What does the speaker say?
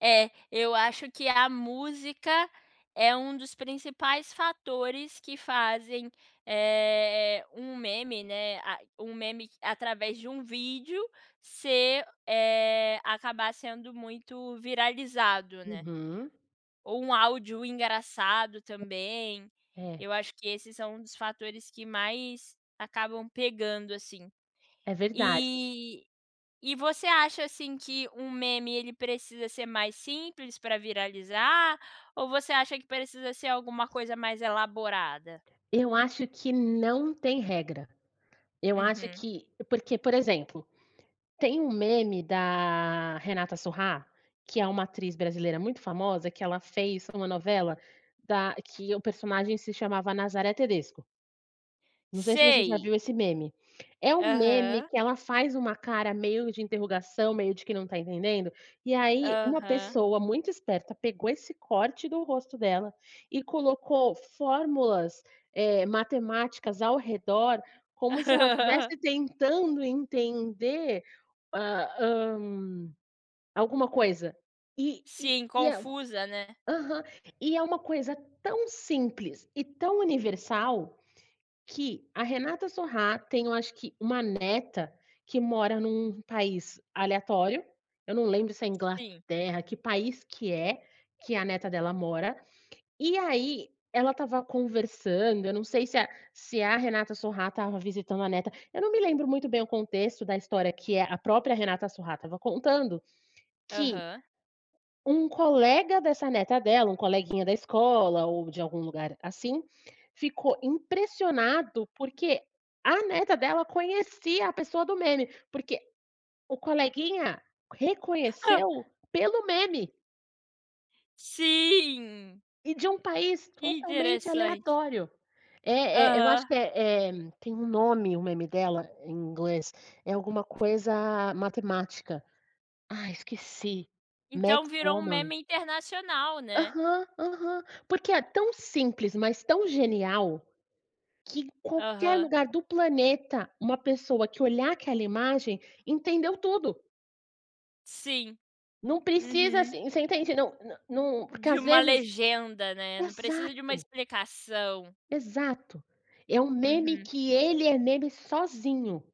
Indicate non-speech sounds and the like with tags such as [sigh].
É, eu acho que a música é um dos principais fatores que fazem, eh, um meme, né, a um meme através de um vídeo ser, eh, acabar sendo muito viralizado, né. Uhum. Ou um áudio engraçado também, É. eu acho que esses são um dos fatores que mais acabam pegando, assim. É verdade. E e você acha, assim, que um meme ele precisa ser mais simples pra viralizar, ou você acha que precisa ser alguma coisa mais elaborada? Eu acho que não tem regra. Eu acho Uhum. que porque, por exemplo, tem um meme da Renata Sorrah, que é uma atriz brasileira muito famosa, que ela fez em uma novela, da que o personagem se chamava Nazaré Tedesco não sei se você já Sei. viu esse meme. É um meme Aham. que ela faz uma cara meio de interrogação, meio de quem não está entendendo, e aí uma Aham. pessoa muito esperta pegou esse corte do rosto dela e colocou fórmulas, eh, matemáticas ao redor, como se ela [laughs] estivesse tentando entender, a hã, alguma coisa. E e Sim, e é confusa, né. aham. E é uma coisa tão simples e tão universal, que a Renata Sorrah tem, eu acho que, uma neta, que mora em um país aleatório, eu não lembro se é Sim. Inglaterra, que país que é que a neta dela mora, e aí ela estava conversando, eu não sei se a se a Renata Sorrah estava visitando a neta, eu não me lembro muito bem o contexto da história que, eh, a própria Renata Sorrah estava contando, que Aham. um colega dessa neta dela, um coleguinha da escola ou de algum lugar assim, ficou impressionado, porque a neta dela conhecia a pessoa do meme, porque o coleguinha [chuckles] reconheceu pelo meme Sim! e de um país Que totalmente interessante. aleatório. Eh eh, eu acho Aham. que, eh eh, tem um nome o meme dela, em inglês, é alguma coisa matemática. Ai. esqueci. Então Math virou um woman. meme internacional, né. Aham, aham. Porque é tão simples, mas tão genial, que em qualquer Aham. lugar do planeta uma pessoa que olhar aquela imagem, entendeu tudo. Sim. Não precisa, Uhum. assim, você entende, não não num porque, De às uma vezes legenda, né. Não precisa de uma exato. explicação. Exato, é um meme Uhum. que ele é meme sozinho.